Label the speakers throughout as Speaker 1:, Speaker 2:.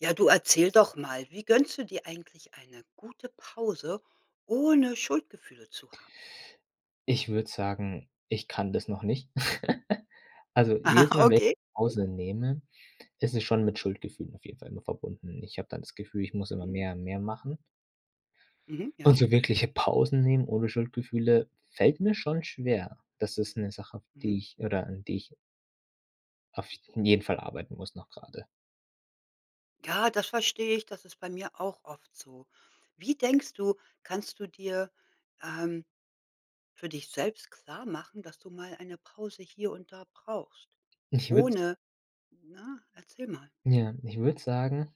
Speaker 1: Ja, du erzähl doch mal. Wie gönnst du dir eigentlich eine gute Pause ohne Schuldgefühle zu haben?
Speaker 2: Ich würde sagen, ich kann das noch nicht. Also,
Speaker 1: Ah,
Speaker 2: jedes Mal, wenn
Speaker 1: okay,
Speaker 2: ich
Speaker 1: okay.
Speaker 2: Pause nehme, ist es schon mit Schuldgefühlen auf jeden Fall nur verbunden. Ich habe dann das Gefühl, ich muss immer
Speaker 1: Mhm.
Speaker 2: mehr und mehr machen.
Speaker 1: Mhm.
Speaker 2: Und
Speaker 1: Ja.
Speaker 2: so wirkliche Pausen nehmen ohne Schuldgefühle fällt mir schon schwer. Das ist 'ne Sache, auf
Speaker 1: Mhm.
Speaker 2: die ich oder an die ich auf jeden Fall arbeiten muss noch grade.
Speaker 1: Ja, das verstehe ich. Das ist bei mir auch oft so. Wie denkst du, kannst du dir, ähm, für dich selbst klarmachen, dass du mal eine Pause hier und da brauchst,
Speaker 2: Ich würde
Speaker 1: ohne ja, erzähl mal.
Speaker 2: ja, ich würde sagen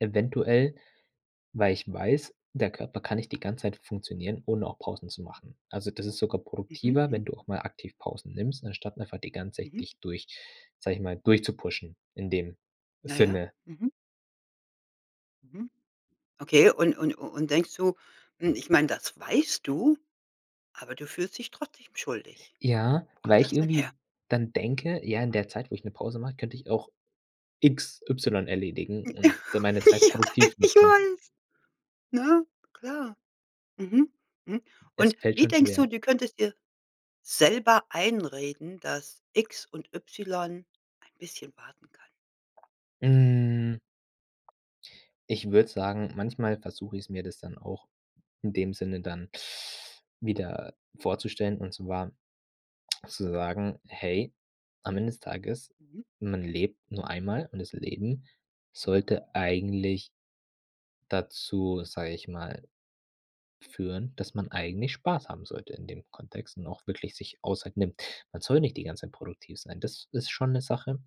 Speaker 2: eventuell, weil ich weiß, der Körper kann nicht die ganze Zeit funktionieren, ohne auch Pausen zu machen. Also, das ist sogar produktiver,
Speaker 1: Mhm.
Speaker 2: wenn du auch mal aktiv Pausen nimmst, anstatt einfach die ganze Zeit
Speaker 1: Mhm.
Speaker 2: dich durch, sage ich mal, durchzupushen in dem
Speaker 1: Ja, ja.
Speaker 2: Sinne.
Speaker 1: Mhm. Mhm. Okay. Un un und denkst du hm, ich meine, das weißt du, aber du fühlst dich trotzdem schuldig.
Speaker 2: Ja,
Speaker 1: Wo
Speaker 2: weil
Speaker 1: kommt
Speaker 2: ich
Speaker 1: das denn
Speaker 2: irgendwie
Speaker 1: her?
Speaker 2: dann denke: „Ja, in der Zeit, wo ich 'ne Pause mache, könnte ich auch X Y erledigen und d
Speaker 1: Ja,
Speaker 2: meine Zeit produktiv
Speaker 1: ich
Speaker 2: nutzen.“
Speaker 1: weiß. Ne? Klar. Mhm. Mhm.
Speaker 2: Es
Speaker 1: Und
Speaker 2: fällt
Speaker 1: wie
Speaker 2: schon
Speaker 1: denkst du,
Speaker 2: schwer.
Speaker 1: du könntest dir selber einreden, dass X und Y ein bisschen warten kann?
Speaker 2: Hm. Ich würde sagen, manchmal versuche ich es mir, das dann auch in dem Sinne dann wieder vorzustellen und zwar zu sagen: „Hey, am Ende des Tages,
Speaker 1: Mhm.
Speaker 2: man lebt nur einmal.“ Und das Leben sollte eigentlich dazu, sage ich mal, führen, dass man eigentlich Spaß haben sollte in dem Kontext und auch wirklich sich Auszeit nimmt. Man soll nicht die ganze Zeit produktiv sein. Das ist schon 'ne Sache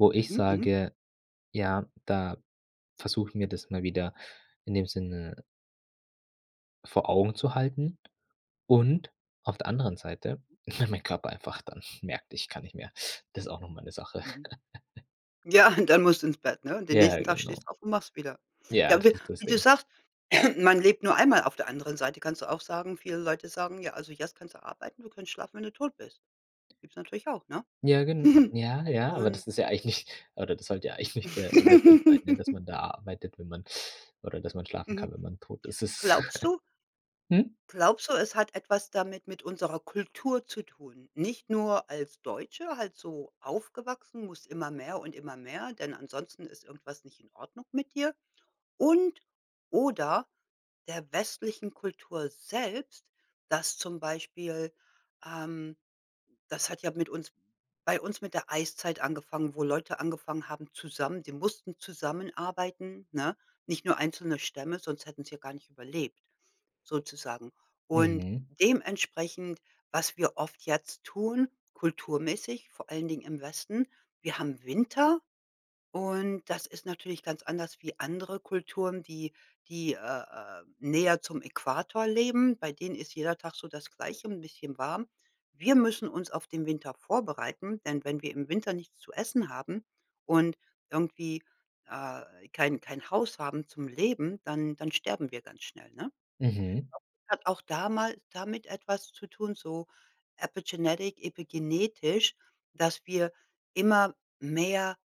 Speaker 2: wo ich
Speaker 1: Mhm, mhm.
Speaker 2: sage ja, da versuche ich mir das immer wieder in dem Sinne vor Augen zu halten und auf der anderen Seite, weil mein Körper einfach dann merkt, ich kann nicht mehr. Das ist auch noch mal 'ne Sache.
Speaker 1: Mhm. Ja, dann musst du ins Bett, ne? Und den
Speaker 2: Ja,
Speaker 1: nächsten Tag stehst
Speaker 2: genau.
Speaker 1: du auf und machst wieder.
Speaker 2: Ja,
Speaker 1: Ja,
Speaker 2: das
Speaker 1: w
Speaker 2: ist das
Speaker 1: wie du
Speaker 2: Ding.
Speaker 1: sagst: „Man lebt nur einmal.“ Auf der anderen Seite kannst du auch sagen viele Leute sagen: „Ja, also, jetzt kannst du arbeiten. Du kannst schlafen, wenn du tot bist.“ Gibt es natürlich auch, ne?
Speaker 2: Ja gen ja, ja, aber
Speaker 1: Und
Speaker 2: das ist ja eigentlich oder das sollte ja eigentlich der der Sinn sein, ne, dass man da arbeitet, wenn man oder dass man schlafen
Speaker 1: Mhm.
Speaker 2: kann, wenn man tot. Das ist
Speaker 1: Glaubst du
Speaker 2: Hm?
Speaker 1: glaubst du, es hat etwas damit mit unserer Kultur zu tun? Nicht nur als Deutsche halt so aufgewachsen, musst immer mehr und immer mehr, denn ansonsten ist irgendwas nicht in Ordnung mit dir und oder der westlichen Kultur selbst, dass zum Beispiel ähm, das hat ja mit uns bei uns mit der Eiszeit angefangen, wo Leute angefangen haben zusammen die mussten zusammenarbeiten, ne? Nicht nur einzelne Stämme, sonst hätten sie gar nicht überlebt, sozusagen. Und
Speaker 2: Mhm.
Speaker 1: dementsprechend was wir oft jetzt tun, kulturmäßig, vor allen Dingen im Westen, wir haben Winter und das ist natürlich ganz anders wie andere Kulturen, die die, äh, äh, näher zum Äquator leben. Bei denen ist jeder Tag so das Gleiche, 'n bisschen warm. Wir müssen uns auf den Winter vorbereiten, denn wenn wir im Winter nichts zu essen haben und irgendwie, äh, kein kein Haus haben zum Leben, dann dann sterben wir ganz schnell, ne?
Speaker 2: Mhm.
Speaker 1: Ich glaube, es hat auch damal damit etwas zu tun, so epigenetic, epigenetisch, dass wir immer mehr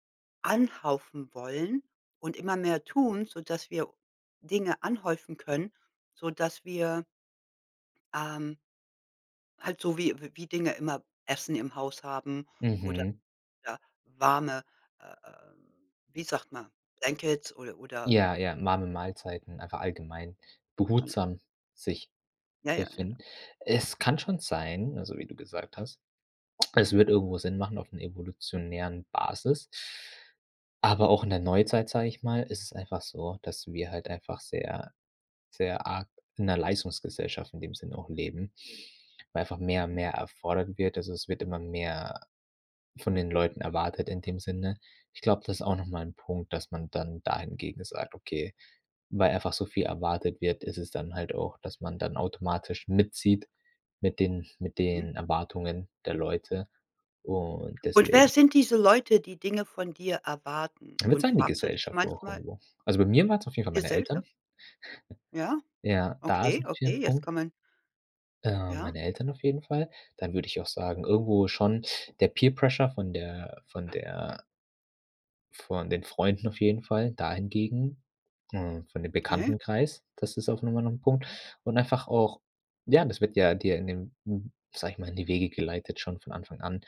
Speaker 1: anhäufen wollen und immer mehr tun, sodass wir Dinge anhäufen können, sodass wir ähm halt so wie w wie Dinge immer Essen im Haus haben oder,
Speaker 2: Mhm.
Speaker 1: ja, warme, äh, äh, wie sagt man Blankets ode oder
Speaker 2: Ja, ja, warme Mahlzeiten, einfach allgemein
Speaker 1: Na ja.
Speaker 2: behutsam sich
Speaker 1: Ja, ja, ja, ja.
Speaker 2: befinden. Es kann schon sein, also, wie du gesagt hast, es würde irgendwo Sinn machen auf 'ner evolutionären Basis aber auch in der Neuzeit, sage ich mal, ist es einfach so, dass wir halt einfach sehr, sehr arg in 'ner Leistungsgesellschaft in dem Sinne auch leben, weil einfach mehr,
Speaker 1: Mhm.
Speaker 2: mehr erfordert wird. Also, es wird immer mehr von den Leuten erwartet, in dem Sinne. Ich glaube, das ist auch noch mal 'n Punkt, dass man dann da hingegen sagt: „Okay, weil einfach so viel erwartet wird, ist es dann halt auch, dass man dann automatisch mitzieht mit den mit
Speaker 1: Mhm.
Speaker 2: den Erwartungen der Leute und
Speaker 1: Und wer
Speaker 2: deswegen“
Speaker 1: sind diese Leute, die Dinge von dir erwarten?
Speaker 2: Ich würde
Speaker 1: Und
Speaker 2: sagen die
Speaker 1: fragst du dich
Speaker 2: Gesellschaft auch
Speaker 1: manchmal
Speaker 2: irgendwo. Also, bei mir waren's auf jeden
Speaker 1: Die
Speaker 2: Fall meine Eltern.
Speaker 1: Gesellschaft? Ja?
Speaker 2: Ja, da
Speaker 1: Okay,
Speaker 2: sind wir
Speaker 1: okay,
Speaker 2: am
Speaker 1: jetzt
Speaker 2: Punkt.
Speaker 1: kann man
Speaker 2: Ähm,
Speaker 1: Ja?
Speaker 2: meine Eltern auf jeden Fall. Dann würde ich auch sagen, irgendwo schon der Peer-Pressure von der von der von den Freunden auf jeden Fall, dahingegen, äh, von dem
Speaker 1: Okay.
Speaker 2: Bekanntenkreis, das ist auf noch mal 'nen Punkt und einfach auch ja, das wird ja dir in dem m sage ich mal, in die Wege geleitet schon von Anfang an.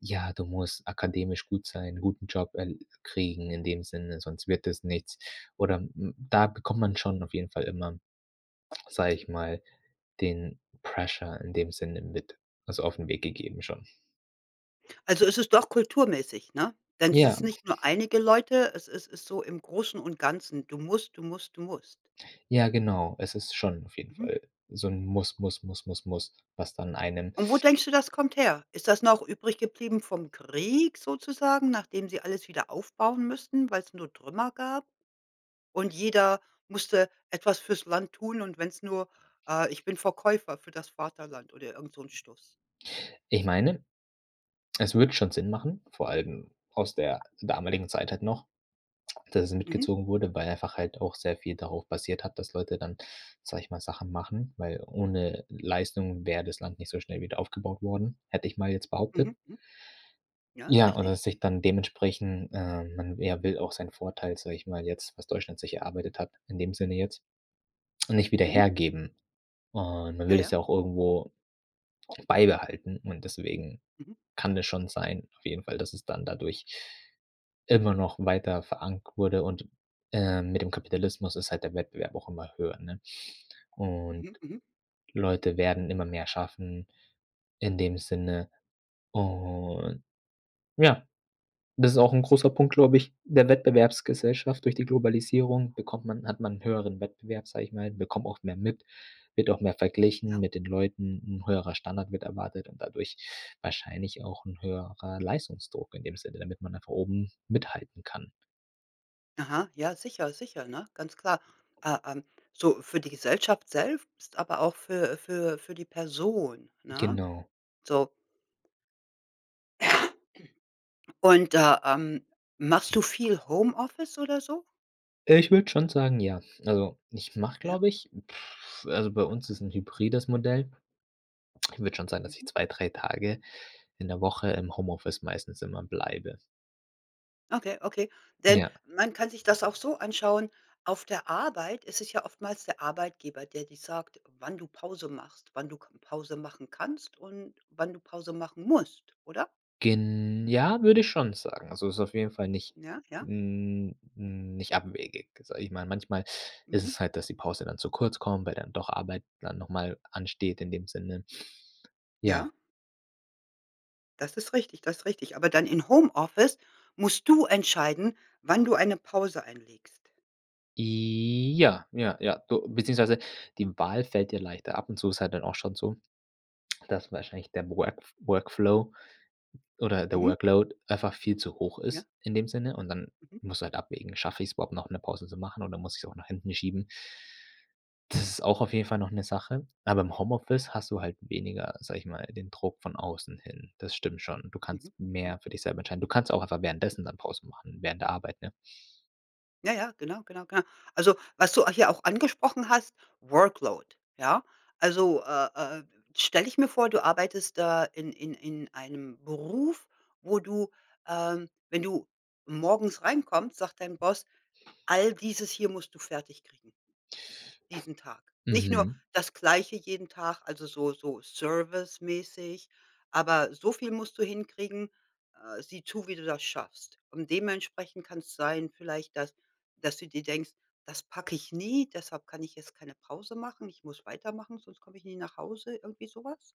Speaker 2: „Ja, du musst akademisch gut sein, guten Job, äh, kriegen in dem Sinne, sonst wird es nichts." Oder m m da k kommt man schon auf jeden Fall immer, sage ich mal, den Pressure in dem Sinne mit also, auf 'n Weg gegeben schon.
Speaker 1: Also, ist es doch kulturmäßig, ne? Denn es
Speaker 2: Ja.
Speaker 1: ist nicht nur einige Leute, es is ist so im Großen und Ganzen. Du musst, du musst, du musst.
Speaker 2: Ja, genau. Es ist schon auf jeden
Speaker 1: Mhm.
Speaker 2: Fall so 'n: „Muss, muss, muss, muss, muss“, was dann einen
Speaker 1: Und wo denkst du, das kommt her? Ist das noch übrig geblieben vom Krieg sozusagen, nachdem sie alles wieder aufbauen müssten, weil's nur Trümmer gab und jeder musste etwas fürs Land tun und wenn es nur äh: „Ich bin Verkäufer für das Vaterland.“ oder irgend so 'nen Stuß.
Speaker 2: Ich meine, es würde schon Sinn machen, vor allem aus der damaligen Zeit halt noch, dass es
Speaker 1: Mhm.
Speaker 2: mitgezogen wurde, weil einfach halt auch sehr viel darauf basiert hat, dass Leute dann, sage ich mal, Sachen machen, weil ohne Leistung wäre das Land nicht so schnell wieder aufgebaut worden, hätte ich mal jetzt behauptet.
Speaker 1: Mhm. Mhm. Ja, ist
Speaker 2: Ja, und
Speaker 1: richtig.
Speaker 2: dass sich dann dementsprechend, ähm, man w ja, will auch seinen Vorteil, sage ich mal jetzt, was Deutschland sich erarbeitet hat in dem Sinne jetzt, nicht wieder
Speaker 1: Mhm.
Speaker 2: hergeben. Und man will
Speaker 1: Ja,
Speaker 2: das
Speaker 1: ja.
Speaker 2: ja auch irgendwo beibehalten und deswegen
Speaker 1: Mhm.
Speaker 2: kann das schon sein auf jeden Fall, dass es dann dadurch immer noch weiter verankert wurde. Und, äh, mit dem Kapitalismus ist halt der Wettbewerb auch immer höher, ne? Und
Speaker 1: Mhm, mhm.
Speaker 2: Leute werden immer mehr schaffen in dem Sinne. Und ja, das ist auch 'n großer Punkt, glaube ich, der Wettbewerbsgesellschaft. Durch die Globalisierung bekommt man hat man 'n höheren Wettbewerb, sage ich mal, bekommt auch mehr mit, wird auch mehr verglichen
Speaker 1: Ja.
Speaker 2: mit den Leuten, 'n höherer Standard wird erwartet und dadurch wahrscheinlich auch 'n höherer Leistungsdruck in dem Sinne, damit man einfach oben mithalten kann.
Speaker 1: Aha, ja sicher, sicher, ne, ganz klar. Äh, ähm, so für die Gesellschaft selbst aber auch für äh, für für die Person, ne?
Speaker 2: Genau.
Speaker 1: So. Und, äh, ähm, machst du viel Homeoffice, oder so?
Speaker 2: Äh, ich würde schon sagen, ja. Also, ich mache,
Speaker 1: Ja.
Speaker 2: glaube ich also, bei uns ist 'n Hybrides Modell. Ich würde schon sagen, dass ich
Speaker 1: Mhm.
Speaker 2: 2, 3 Tage in der Woche im Homeoffice meistens immer bleibe.
Speaker 1: Okay, okay, denn
Speaker 2: Ja.
Speaker 1: man kann sich das auch so anschauen. Auf der Arbeit ist es ja oftmals der Arbeitgeber, der dir sagt, wann du Pause machst, wann du k Pause machen kannst und wann du Pause machen musst, oder?
Speaker 2: Gen ja, würde ich schon sagen. Also, ist auf jeden Fall nicht
Speaker 1: Ja, ja.
Speaker 2: n n nicht abwegig, sage ich mal, manchmal ist
Speaker 1: Mhm.
Speaker 2: es halt, dass die Pause dann zu kurz kommt, weil dann doch Arbeit dann noch mal ansteht in dem Sinne.
Speaker 1: Ja.
Speaker 2: Ja.
Speaker 1: Das ist richtig, das ist richtig. Aber dann in Homeoffice musst du entscheiden, wann du eine Pause einlegst?
Speaker 2: Ja, ja, ja. Beziehungsweise, die Wahl fällt dir leichter. Ab und zu ist halt dann auch schon so, dass wahrscheinlich der Workf Workflow oder der
Speaker 1: Mhm.
Speaker 2: Workload einfach viel zu hoch
Speaker 1: Ja.
Speaker 2: ist in dem Sinne und dann
Speaker 1: Mhm.
Speaker 2: musst du halt abwägen: „Schaffe ich's überhaupt noch 'ne Pause zu machen oder muss ich's auch nach hinten schieben?“ Das ist auch auf jeden Fall noch 'ne Sache, aber im Homeoffice hast du halt weniger, sage ich mal, den Druck von außen hin. Das stimmt schon. Du
Speaker 1: Mhm,
Speaker 2: kannst
Speaker 1: mhm.
Speaker 2: mehr für dich selber entscheiden. Du kannst auch einfach währenddessen dann Pause machen, während der Arbeit, ne?
Speaker 1: Ja, ja, genau, genau, genau. Also was du hier auch angesprochen hast, Workload, ja? Also, äh, äh, stelle ich mir vor, du arbeitest da in in in einem Beruf, wo du ähm, wenn du morgens reinkommt, sagt dein Boss: „All dieses hier musst du fertig kriegen“ „diesen Tag.“ Nicht nur
Speaker 2: Mhm.
Speaker 1: das Gleiche jeden Tag, also so so service-mäßig, aber „so viel musst du hinkriegen, äh, sieh zu, wie du das schaffst.“ Und dementsprechend kann's sein vielleicht, dass dass du dir denkst: „Das packe ich nie, deshalb kann ich jetzt keine Pause machen. Ich muss weitermachen, sonst komme ich nie nach Hause“, irgendwie so was?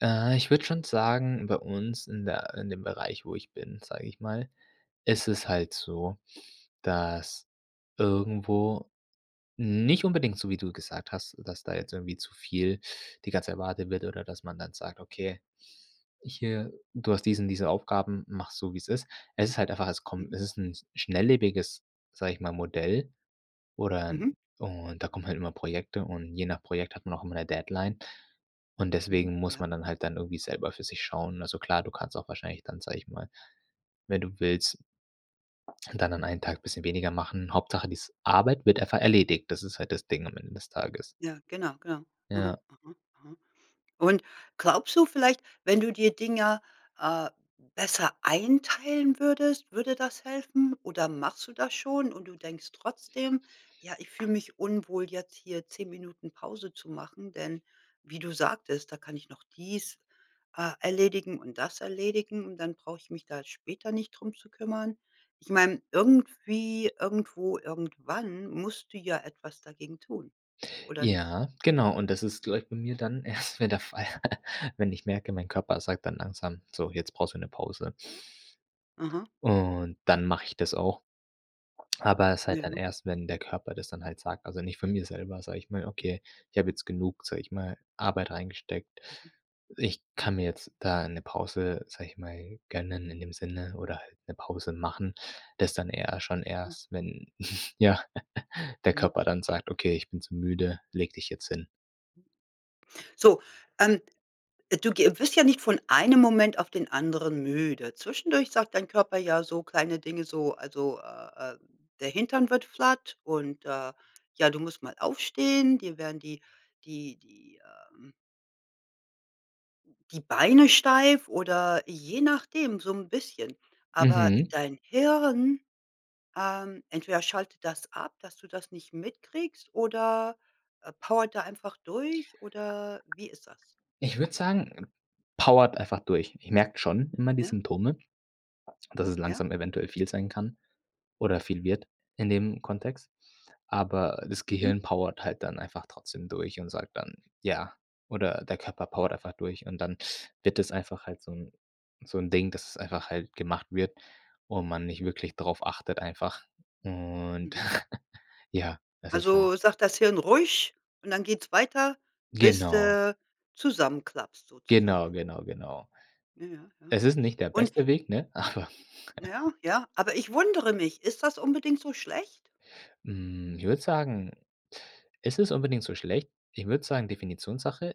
Speaker 2: Äh, ich würde schon sagen, bei uns in der in dem Bereich, wo ich bin, sage ich mal, ist es halt so, dass irgendwo nicht unbedingt so wie du gesagt hast, dass da jetzt irgendwie zu viel die ganze erwartet wird oder dass man dann sagt: „Okay, ich äh, du hast diesen diese Aufgaben, mache es so wie es ist.“ Es ist halt einfach es kommt
Speaker 1: Mhm.
Speaker 2: es ist 'n schnelllebiges, sage ich mal, Modell oder
Speaker 1: Mhm.
Speaker 2: und da kommen halt immer Projekte und je nach Projekt hat man auch immer 'ne Deadline. Und
Speaker 1: Mhm,
Speaker 2: deswegen muss
Speaker 1: ja.
Speaker 2: man dann halt dann irgendwie selber für sich schauen. Also klar, du kannst auch wahrscheinlich dann, sage ich mal, wenn du willst und dann an einen Tag bisschen weniger machen. Hauptsache, dies Arbeit wird einfach erledigt. Das ist halt das Ding am Ende des Tages.
Speaker 1: Ja, genau, genau. Aha,
Speaker 2: Ja.
Speaker 1: aha, aha. Und glaubst du vielleicht, wenn du dir Dinger, äh, besser einteilen würdest, würde das helfen oder machst du das schon und du denkst trotzdem, ja: „Ich fühle mich unwohl jetzt hier 10 Minuten Pause zu machen“, denn wie du sagtest, „da kann ich noch dies, äh, erledigen und das erledigen und dann brauche ich mich da später nicht drum zu kümmern.“ Ich meine, irgendwie, irgendwo, irgendwann musst du ja etwas dagegen tun oder nicht?
Speaker 2: Ja, genau. Und das ist glaube bei mir dann erst mal der Fall, wenn ich merke, mein Körper sagt dann langsam: „So, jetzt brauchst du 'ne Pause.“
Speaker 1: Aha.
Speaker 2: Und dann mache ich das auch. Aber ist halt dann
Speaker 1: Ja.
Speaker 2: erst, wenn der Körper das dann halt sagt, also nicht von mir selber, sage ich mal:
Speaker 1: Mhm.
Speaker 2: „Okay, ich habe jetzt genug, sage ich mal, Arbeit reingesteckt.
Speaker 1: Mhm.
Speaker 2: Ich
Speaker 1: Mhm.
Speaker 2: kann mir jetzt da 'ne Pause, sage ich mal, gönnen in dem Sinne oder 'ne Pause machen.“ Das dann eher schon erst, wenn ja, der
Speaker 1: Mhm.
Speaker 2: Körper dann sagt: „Okay, ich bin zu müde, leg dich jetzt hin.“
Speaker 1: Mhm. So, ähm, du ge wirst ja nicht von einem Moment auf den anderen müde. Zwischendurch sagt dein Körper ja so kleine Dinge so, also, äh, äh, der Hintern wird flat und, äh, ja du musst mal aufstehen die werden die die die ähm die Beine steif oder je nachdem so 'n bisschen. Aber
Speaker 2: Mhm.
Speaker 1: dein Hirn ähm, entweder schaltet das ab, dass du das nicht mitkriegst, oder powert da einfach durch, oder wie ist das?
Speaker 2: Ich würde sagen, powert einfach durch. Ich merke schon immer die
Speaker 1: Ja.
Speaker 2: Symptome, dass es
Speaker 1: Ja.
Speaker 2: langsam eventuell viel sein kann, oder viel wird, in dem Kontext. Aber das
Speaker 1: Mhm.
Speaker 2: Gehirn powert halt dann einfach trotzdem durch und sagt dann ja. Oder der Körper powert einfach durch. Und dann wird es einfach halt so 'n so 'n Ding, dass es einfach halt gemacht wird und man nicht wirklich drauf achtet einfach. Und
Speaker 1: Mhm.
Speaker 2: ja, es ist halt
Speaker 1: Also sagt das Hirn: „Ruhig!“, und dann geht's weiter, bis
Speaker 2: Genau.
Speaker 1: du zusammenklappst
Speaker 2: Genau,
Speaker 1: sozusagen.
Speaker 2: genau, genau.
Speaker 1: Ja, ja, ja.
Speaker 2: Es ist nicht der
Speaker 1: Und
Speaker 2: beste Weg, ne, aber
Speaker 1: Ja, ja, aber ich wundere mich, ist das unbedingt so schlecht?
Speaker 2: Hm, ich würde sagen ist es unbedingt so schlecht? Ich würde sagen, Definitionssache.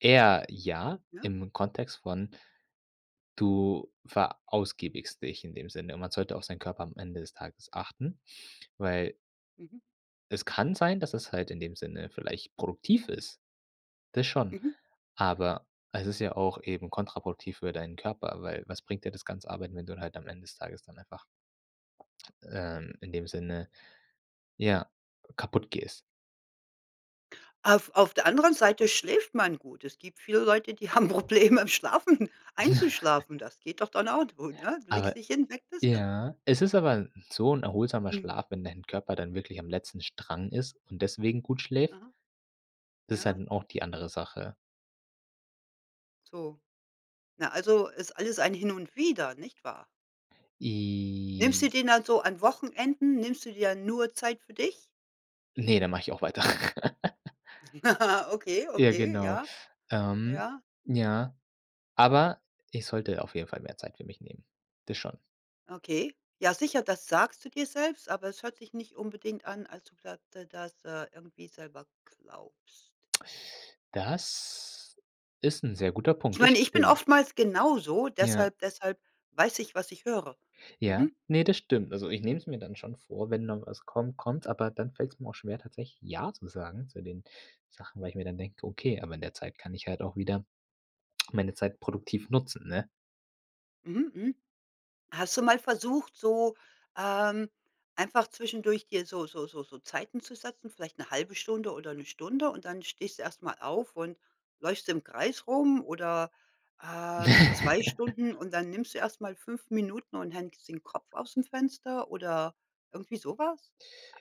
Speaker 2: Eher ja
Speaker 1: Ja.
Speaker 2: im Kontext von: Du verausgabst dich in dem Sinne und man sollte auf seinen Körper am Ende des Tages achten, weil
Speaker 1: Mhm.
Speaker 2: es kann sein, dass es halt in dem Sinne vielleicht produktiv ist. Das schon.
Speaker 1: Mhm.
Speaker 2: Aber es ist ja auch eben kontraproduktiv für deinen Körper, weil was bringt dir das ganze Arbeiten, wenn du dann halt am Ende des Tages dann einfach, ähm, in dem Sinne, ja, kaputtgehst.
Speaker 1: Auf auf der anderen Seite schläft man gut. Es gibt viele Leute, die haben Probleme, im Schlafen
Speaker 2: Ja.
Speaker 1: einzuschlafen. Das geht doch dann auch gut, ne? Legst
Speaker 2: Aber
Speaker 1: dich hin, weg bist du.
Speaker 2: ja? Es ist aber so 'n erholsamer
Speaker 1: Mhm.
Speaker 2: Schlaf, wenn dein Körper dann wirklich am letzten Strang ist und deswegen gut schläft.
Speaker 1: Aha.
Speaker 2: Das ist
Speaker 1: Ja.
Speaker 2: halt dann auch die andere Sache.
Speaker 1: So. Na, also, ist alles ein Hin und Wieder, nicht wahr? Nimmst du
Speaker 2: I
Speaker 1: den dann so an Wochenenden, nimmst du dir nur Zeit für dich?
Speaker 2: Ne, da mache ich auch weiter.
Speaker 1: Okay,
Speaker 2: Ja,
Speaker 1: okay,
Speaker 2: genau.
Speaker 1: ja.
Speaker 2: Ähm.
Speaker 1: Ja.
Speaker 2: Ja, aber ich sollte auf jeden Fall mehr Zeit für mich nehmen. Das schon.
Speaker 1: Okay. Ja, sicher, das sagst du dir selbst, aber es hört sich nicht unbedingt an, als ob du das d das, äh, irgendwie selber glaubst.
Speaker 2: Das ist 'n sehr guter
Speaker 1: Ich
Speaker 2: Punkt, das
Speaker 1: meine, ich bin
Speaker 2: stimmt.
Speaker 1: oftmals genauso,
Speaker 2: Ja.
Speaker 1: deshalb deshalb weiß ich, was ich höre.
Speaker 2: Ja,
Speaker 1: Mhm.
Speaker 2: ne, das stimmt. Also, ich nehme es mir dann schon vor, wenn noch was kommt, kommt es, aber dann fällt es mir auch schwer tatsächlich „ja“ zu sagen zu den Sachen, weil
Speaker 1: Hm.
Speaker 2: ich mir dann denke: „Okay, aber in der Zeit kann ich halt auch wieder meine Zeit produktiv nutzen“, ne?
Speaker 1: Mhm, mhm. Hast du mal versucht, so, ähm, einfach zwischendurch dir so so so so Zeiten zu setzen, vielleicht 'ne 1/2 Stunde oder 1 Stunde und dann stehst du erst mal auf und läufst im Kreis rum oder, ähm,
Speaker 2: Ne.
Speaker 1: 2 Stunden, und dann nimmst du erst mal 5 Minuten und hängst den Kopf ausm Fenster oder irgendwie so was?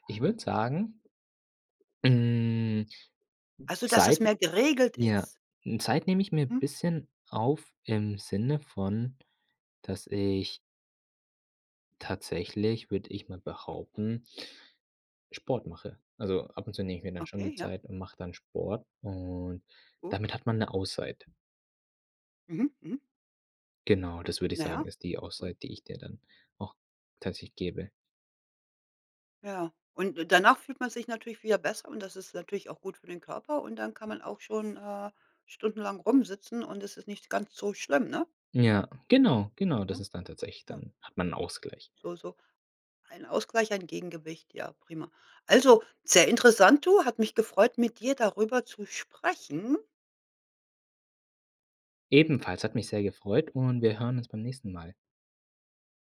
Speaker 2: Ich würde sagen hm,
Speaker 1: Also, dass es
Speaker 2: Zeit,
Speaker 1: mehr geregelt
Speaker 2: ja
Speaker 1: ist?
Speaker 2: Zeit nehme ich mir n'
Speaker 1: Hm.
Speaker 2: bisschen auf im Sinne von, dass ich tatsächlich, würde ich mal behaupten Sport mache. Also, ab und zu nehme ich mir dann schon die
Speaker 1: Okay, ja.
Speaker 2: Zeit und mache dann Sport und damit
Speaker 1: Gut.
Speaker 2: hat man 'ne Auszeit.
Speaker 1: Mhm, mhm.
Speaker 2: Genau, das würde ich
Speaker 1: Na
Speaker 2: sagen,
Speaker 1: ja,
Speaker 2: ist die
Speaker 1: gut.
Speaker 2: Auszeit, die ich der dann auch tatsächlich gebe.
Speaker 1: Ja, und und danach fühlt man sich natürlich wieder besser und das ist natürlich auch gut für den Körper und dann kann man auch schon, äh, stundenlang rumsitzen und es ist nicht ganz so schlimm, ne?
Speaker 2: Ja, genau, genau, das
Speaker 1: Ja,
Speaker 2: ist dann tatsächlich
Speaker 1: ja.
Speaker 2: dann hat man 'n Ausgleich.
Speaker 1: So so ein Ausgleich, ein Gegengewicht, ja prima. Also, sehr interessant, du. Hat mich gefreut, mit dir darüber zu sprechen.
Speaker 2: Ebenfalls hat mich sehr gefreut und wir hören uns beim nächsten Mal.